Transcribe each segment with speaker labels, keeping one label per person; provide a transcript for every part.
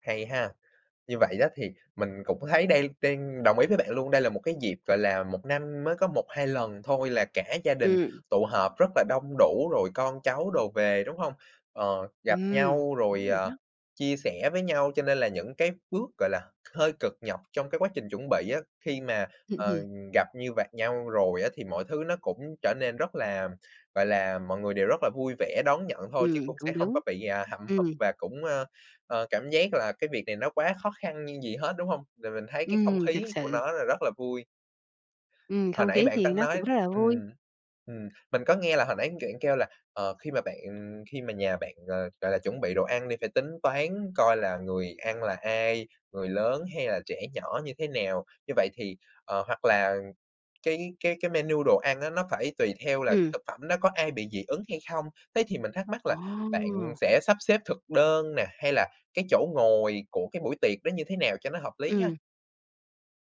Speaker 1: Hay ha! Như vậy đó thì mình cũng thấy đây đang đồng ý với bạn luôn, đây là một cái dịp, gọi là, 1 năm mới có 1-2 lần thôi là cả gia đình
Speaker 2: Ừm.
Speaker 1: tụ họp rất là đông đủ, rồi con cháu đồ về, đúng hông? Ờ, gặp
Speaker 2: Ừm.
Speaker 1: nhau rồi,
Speaker 2: Đúng rồi
Speaker 1: ờ,
Speaker 2: đó.
Speaker 1: chia sẻ với nhau cho nên là những cái bước, gọi là, hơi cực nhọc trong cái quá trình chuẩn bị á, khi mà, ờ, gặp như vạt nhau rồi á thì mọi thứ nó cũng trở nên rất là, gọi là, mọi người đều rất là vui vẻ đón nhận thôi, chứ
Speaker 2: Ừm,
Speaker 1: cũng sẽ
Speaker 2: cũng
Speaker 1: hông
Speaker 2: đúng.
Speaker 1: có bị, à, hậm hực
Speaker 2: Ừm.
Speaker 1: và cũng, ơ, ờ, cảm giác là cái việc này nó quá khó khăn nhưng gì hết, đúng hông? Rồi mình thấy cái không
Speaker 2: Ừm,
Speaker 1: khí
Speaker 2: thực
Speaker 1: của
Speaker 2: sự.
Speaker 1: nó là rất là vui.
Speaker 2: Ừm,
Speaker 1: Hồi
Speaker 2: không
Speaker 1: nãy
Speaker 2: khí
Speaker 1: bạn
Speaker 2: thì
Speaker 1: tăng
Speaker 2: nó cũng
Speaker 1: nói
Speaker 2: rất là vui.
Speaker 1: ừm, ừm, mình có nghe là hồi nãy kiện kêu là, ờ, khi mà bạn khi mà nhà bạn, ờ, gọi là, chuẩn bị đồ ăn đi, phải tính toán coi là người ăn là ai, người lớn, hay là trẻ nhỏ như thế nào? Như vậy thì, ờ, hoặc là cái cái cái menu đồ ăn á nó phải tùy theo là cái
Speaker 2: Ừm.
Speaker 1: thực phẩm đó có ai bị dị ứng hay không? Thế thì mình thắc mắc là bạn
Speaker 2: Ồ!
Speaker 1: sẽ sắp xếp thực đơn nè, hay là cái chỗ ngồi của cái buổi tiệc đó như thế nào cho nó hợp lý ha?
Speaker 2: Ừm.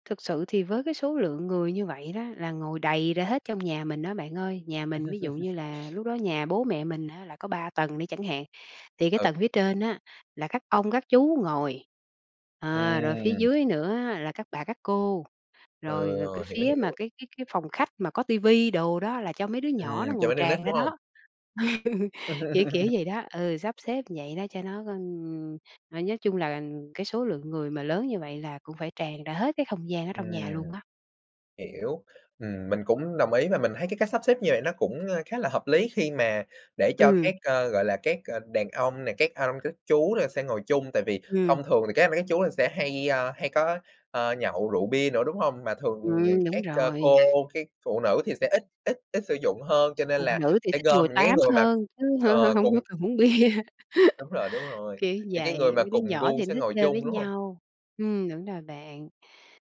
Speaker 2: Thực sự thì với cái số lượng người như vậy đó là ngồi đầy ra hết trong nhà mình á bạn ơi. Nhà mình ví dụ như là lúc đó nhà bố mẹ mình á là có 3 tầng đi chẳng hạn, thì cái
Speaker 1: Ừ.
Speaker 2: tầng phía trên á là các ông, các chú ngồi. À, rồi phía
Speaker 1: Ừm.
Speaker 2: dưới nữa là các bà các cô,
Speaker 1: Ừ,
Speaker 2: rồi rồi cái
Speaker 1: hiểu,
Speaker 2: phía mà
Speaker 1: hiểu.
Speaker 2: cái cái cái phòng khách mà có ti vi đồ đó là cho mấy đứa nhỏ nó
Speaker 1: Ừm,
Speaker 2: ngồi
Speaker 1: chỗ đi nít,
Speaker 2: tràn ra
Speaker 1: đúng hông?
Speaker 2: đó. Kiểu kiểu vậy đó, ừ, sắp xếp vậy đó cho nó g ừm, rồi nói chung là cái số lượng người mà lớn như vậy là cũng phải tràn ra hết cái không gian ở
Speaker 1: Ừm.
Speaker 2: trong nhà luôn đó.
Speaker 1: Hiểu. Ừm, mình cũng đồng ý và mình thấy cái cách sắp xếp như vậy nó cũng, ơ, khá là hợp lý khi mà để cho
Speaker 2: Ừm.
Speaker 1: các, ơ, gọi là, các, ờ, đàn ông này, các anh, các chú là sẽ ngồi chung, tại vì
Speaker 2: Ừm.
Speaker 1: thông thường thì các anh các chú là sẽ hay, ơ, hay có, ờ, nhậu rượu bia nữa, đúng hông? Mà thường, ờ,
Speaker 2: Ừm, đúng
Speaker 1: các c cô,
Speaker 2: rồi.
Speaker 1: các phụ nữ thì sẽ ít ít ít sử dụng hơn, cho nên
Speaker 2: Phụ
Speaker 1: là
Speaker 2: nữ thì
Speaker 1: sẽ
Speaker 2: thích
Speaker 1: gom
Speaker 2: ngồi
Speaker 1: những cái
Speaker 2: tám
Speaker 1: người mà,
Speaker 2: hơn, chứ hở hả
Speaker 1: ờ,
Speaker 2: hông
Speaker 1: cùng
Speaker 2: có cần uống bia.
Speaker 1: đúng rồi, đúng rồi.
Speaker 2: Kiểu
Speaker 1: Những cái người
Speaker 2: vậy,
Speaker 1: mà
Speaker 2: mấy đứa
Speaker 1: cùng
Speaker 2: nhỏ
Speaker 1: gu
Speaker 2: thì nó
Speaker 1: sẽ
Speaker 2: thích
Speaker 1: ngồi
Speaker 2: chơi với
Speaker 1: chung, đúng hông?
Speaker 2: nhau. Ừm, đúng rồi bạn.